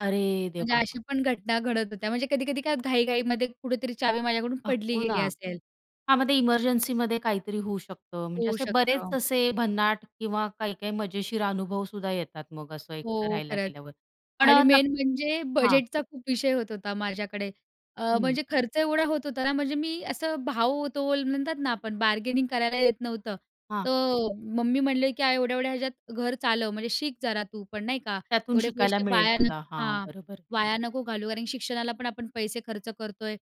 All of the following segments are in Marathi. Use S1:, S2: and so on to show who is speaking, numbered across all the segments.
S1: अरे
S2: म्हणजे
S1: देवा!
S2: अशा पण घटना घडत होत्या. म्हणजे कधी-कधी काय घाई-घाईमध्ये कुठेतरी चावी माझ्याकडून
S1: अ,
S2: पडली
S1: हो ना.
S2: गेली असेल.
S1: हां, मग ते इमर्जन्सीमध्ये काहीतरी होऊ शकतं. म्हणजे
S2: होऊ
S1: असे बरेच
S2: शकतं.
S1: असे भन्नाट किंवा काही-काही मजेशीर अनुभव सुद्धा येतात मग असं एकटं
S2: हो,
S1: राहायला
S2: खरंच.
S1: गेल्यावर. पण
S2: आणि
S1: नक्क
S2: मेन म्हणजे
S1: हां.
S2: बजेटचा खूप विषय होत होता माझ्याकडे. अ,
S1: हं.
S2: म्हणजे खर्च एवढा होत होता ना म्हणजे मी असं भाव-तोल म्हणतात ना, आपण बार्गेनिंग करायला येत नव्हतं.
S1: हां.
S2: तर मम्मी म्हटले, की "एवढ्या एवढ्या ह्याच्यात घर चालव म्हणजे शिक जरा तू पण नाही का.
S1: त्यातून
S2: एवढे
S1: शिकायला
S2: पैसे
S1: मिळेल
S2: वाया
S1: तुला,
S2: नको
S1: हां,
S2: हां.
S1: बरोबर.
S2: वाया नको घालू कारण शिक्षणाला पण आपण पैसे खर्च करतोय,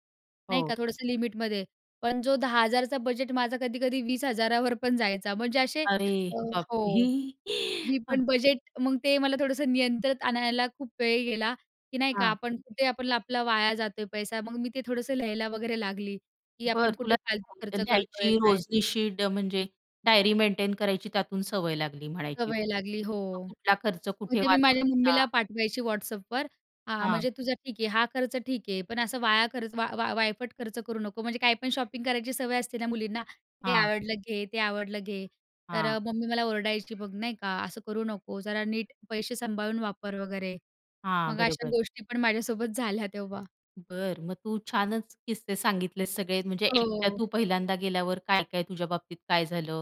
S2: नाही
S1: हो.
S2: का थोडंसं लिमिटमध्ये. पण जो 10000 चा बजेट माझा कधी कधी 20000 वर पण जायचा म्हणजे असे
S1: अरे
S2: अ,
S1: बाप!
S2: हो. ही
S1: हं.
S2: पण बजेट मग ते मला थोडंसं नियंत्रित आणायला खूप वेळ गेला, की नाही का
S1: हां.
S2: आपण कुठे आपण आपला वाया जातोय पैसा, मग मी ते थोडंसं लिहायला वगैरे लागली, की
S1: बरं
S2: आपण
S1: तुला
S2: कुठे फालतू खर्च
S1: [unintelligible]
S2: करतोय,
S1: लिहायची
S2: काय?
S1: रोजनिशी ड म्हणजे, डायरी मेंटेन करायची त्यातून सवय लागली म्हणायची.
S2: सवय
S1: [unintelligible]
S2: लागली हो.
S1: मग कुठला खर्च
S2: मग
S1: कुठे
S2: ते मी माझ्या मम्मीला
S1: वाचवायचा.
S2: पाठवायची WhatsAppवर. हां,
S1: हां.
S2: म्हणजे तुझा ठीक आहे, हा खर्च ठीक आहे पण असं वाया खर्च वा वा वायफट खर्च करू नको म्हणजे, काही पण शॉपिंग करायची सवय असते ना मुलींना. हे
S1: हां.
S2: आवडलं घे, ते आवडलं घे. तर
S1: हां.
S2: अ, मम्मी मला ओरडायची बघ नाही का "असं करू नको जरा नीट पैसे सांभाळून वापर" वगैरे.
S1: हां,
S2: मग अशा
S1: बरोबर.
S2: गोष्टी पण माझ्यासोबत झाल्या तेव्हा.
S1: बरं, मग तू छानच किस्से सांगितलेत सगळे म्हणजे एकट्या
S2: हो.
S1: तू पहिल्यांदा गेल्यावर काय-काय तुझ्या बाबतीत काय झालं?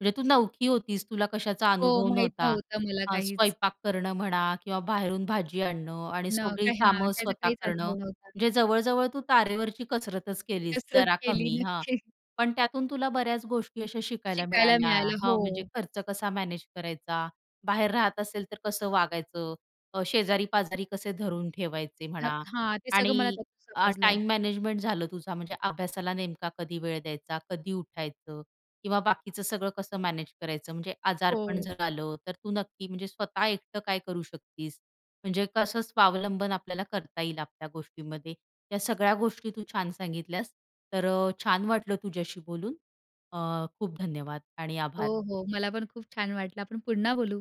S1: म्हणजे तू नवकी होतीस तुला कशाचा
S2: हो
S1: अनुभव
S2: माहीत
S1: नव्हता.
S2: नव्हतं मला
S1: हा
S2: काहीच.
S1: स्वयंपाक करणं म्हणा किंवा बाहेरून भाजी आणणं आणि
S2: न का
S1: सगळी
S2: ह्या
S1: कामं
S2: त्याचा
S1: स्वतः
S2: काहीच
S1: करणं.
S2: अनुभव नव्हता.
S1: म्हणजे जवळ-जवळ तू तारेवरची कसरतच केलीस
S2: कसरत
S1: जरा
S2: केली
S1: कमी हा.
S2: नक्की.
S1: पण त्यातून तुला बऱ्याच गोष्टी अशा शिकायला
S2: शिकायला
S1: मिळाल्या.
S2: मिळायलं.
S1: हां म्हणजे
S2: हो.
S1: खर्च कसा मॅनेज करायचा? बाहेर राहत असेल तर कसं वागायचं? अ, शेजारी-पाजारी कसे धरून ठेवायचे
S2: हं,
S1: म्हणा
S2: हां. ते सगळं मला
S1: आणि
S2: त्यातून
S1: अ,
S2: समजलं.
S1: टाईम मॅनेजमेंट झालं. तुझा म्हणजे अभ्यासाला नेमका कधी वेळ द्यायचा, कधी उठायचं किंवा बाकीचं सगळं कसं मॅनेज करायचं म्हणजे आजारपण
S2: हो.
S1: झालं. तर तू नक्की म्हणजे स्वतः एकटं काय करू शकतीस. म्हणजे कसं स्वावलंबन आपल्याला करता येईल आपल्या गोष्टीमध्ये. या सगळ्या गोष्टी तू छान सांगितल्यास. तर अ, छान वाटलं तुझ्याशी बोलून अ, खूप धन्यवाद आणि आभार.
S2: हो, हो. मला पण खूप छान वाटलं आपण पुन्हा बोलू.